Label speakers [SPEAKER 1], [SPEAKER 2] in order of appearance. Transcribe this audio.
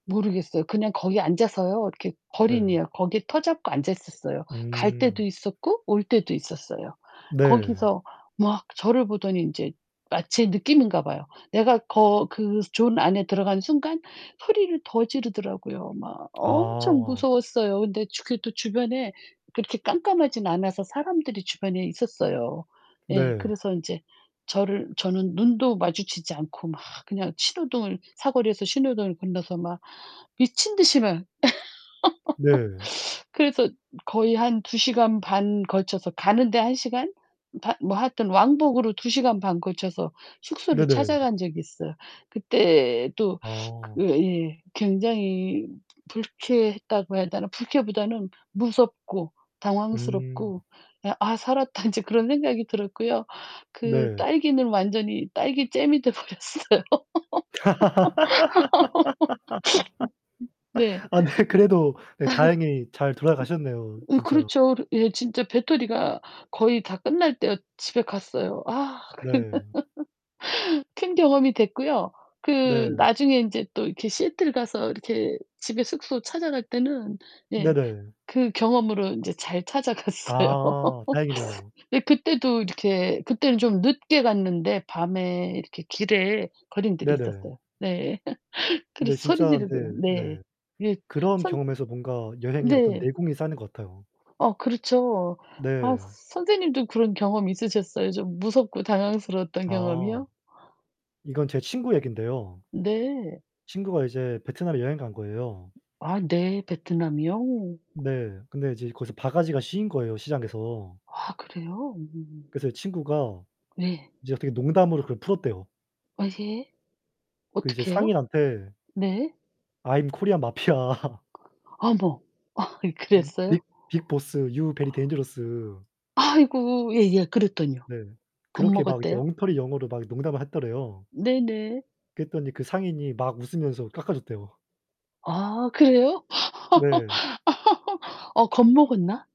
[SPEAKER 1] 모르겠어요. 그냥 거기 앉아서요. 이렇게
[SPEAKER 2] 네.
[SPEAKER 1] 걸인이에요. 거기에 터 잡고 앉아 있었어요. 갈 때도
[SPEAKER 2] 음.
[SPEAKER 1] 있었고 올 때도 있었어요.
[SPEAKER 2] 네.
[SPEAKER 1] 거기서 막 저를 보더니 인제 마치 느끼는가 봐요. 내가 거 그 존 안에 들어가는 순간 소리를 더 지르더라고요. 막 엄청
[SPEAKER 2] 아.
[SPEAKER 1] 무서웠어요. 근데 주 그 또 주변에 빛이 깜깜하진 않아서 사람들이 주변에 있었어요. 예.
[SPEAKER 2] 네.
[SPEAKER 1] 그래서 인제 저를 저는 눈도 마주치지 않고 막 그냥 신호등을 사거리에서 신호등을 건너서 막 미친 듯이 막
[SPEAKER 2] 네.
[SPEAKER 1] 그래서 거의 한 2 시간 반 걸쳐서 가는데 1 시간? 바 뭐 하여튼 왕복으로 2 시간 반 걸쳐서 숙소를
[SPEAKER 2] 네네.
[SPEAKER 1] 찾아간 적이 있어요. 그때도
[SPEAKER 2] 아.
[SPEAKER 1] 으 예 굉장히 불쾌했다고 해야 되나? 불쾌보다는 무섭고
[SPEAKER 2] 음.
[SPEAKER 1] 당황스럽고 그냥 '아 살았다 인제.' 그런 생각이 들었고요. 그
[SPEAKER 2] 네.
[SPEAKER 1] 딸기는 완전히 딸기잼이 돼 버렸어요. 네.
[SPEAKER 2] 아 네 그래도 네 다행히 잘 돌아가셨네요
[SPEAKER 1] 예
[SPEAKER 2] 진짜.
[SPEAKER 1] 그렇죠. 예. 진짜 배터리가 거의 다 끝날 때 집에 갔어요. 아
[SPEAKER 2] 네.
[SPEAKER 1] 그 큰 경험이 됐고요. 그
[SPEAKER 2] 네.
[SPEAKER 1] 나중에 인제 또 이렇게 시애틀 가서 이렇게 집에 숙소 찾아갈 때는 예
[SPEAKER 2] 네네.
[SPEAKER 1] 그 경험으로 인제 잘 찾아 갔어요.
[SPEAKER 2] 아 다행이네요.
[SPEAKER 1] 예. 그때도 이렇게 그때는 좀 늦게 갔는데 밤에 이렇게 길에 걸인들이
[SPEAKER 2] 네네.
[SPEAKER 1] 있었어요. 네.
[SPEAKER 2] 근데
[SPEAKER 1] 그래서 소리
[SPEAKER 2] 진짜
[SPEAKER 1] 지르고요.
[SPEAKER 2] 근데
[SPEAKER 1] 네.
[SPEAKER 2] 네
[SPEAKER 1] 이게
[SPEAKER 2] 그런
[SPEAKER 1] 선
[SPEAKER 2] 경험에서 뭔가 여행의 어떤
[SPEAKER 1] 네.
[SPEAKER 2] 내공이 쌓이는 것 같아요.
[SPEAKER 1] 어 그렇죠. 아 서
[SPEAKER 2] 네.
[SPEAKER 1] 선생님도 그런 경험이 있으셨어요? 좀 무섭고 당황스러웠던
[SPEAKER 2] 아.
[SPEAKER 1] 경험이요?
[SPEAKER 2] 이건 제 친구 얘긴데요.
[SPEAKER 1] 네.
[SPEAKER 2] 친구가 이제 베트남에 여행 간 거예요.
[SPEAKER 1] 아 네. 베트남이요?
[SPEAKER 2] 네. 근데 이제 거기서 바가지가 씌인 거예요 시장에서.
[SPEAKER 1] 아 그래요? 음.
[SPEAKER 2] 그래서 친구가
[SPEAKER 1] 네.
[SPEAKER 2] 이제 어떻게 농담으로 그걸 풀었대요.
[SPEAKER 1] 어제
[SPEAKER 2] 그 이제
[SPEAKER 1] 어떻게요?
[SPEAKER 2] 상인한테
[SPEAKER 1] 네.
[SPEAKER 2] "I'm Korean mafia"
[SPEAKER 1] 어머. 아이
[SPEAKER 2] "Um
[SPEAKER 1] 그랬어요?
[SPEAKER 2] big big boss. You very dangerous."
[SPEAKER 1] 아이고. 예예. 그랬더니요?
[SPEAKER 2] 네. 그렇게 막 이제
[SPEAKER 1] 겁먹었대요?
[SPEAKER 2] 엉터리 영어로 막 농담을 했더래요.
[SPEAKER 1] 네네.
[SPEAKER 2] 그랬더니 그 상인이 막 웃으면서 깎아줬대요.
[SPEAKER 1] 아 그래요?
[SPEAKER 2] 네.
[SPEAKER 1] 어 겁 먹었나?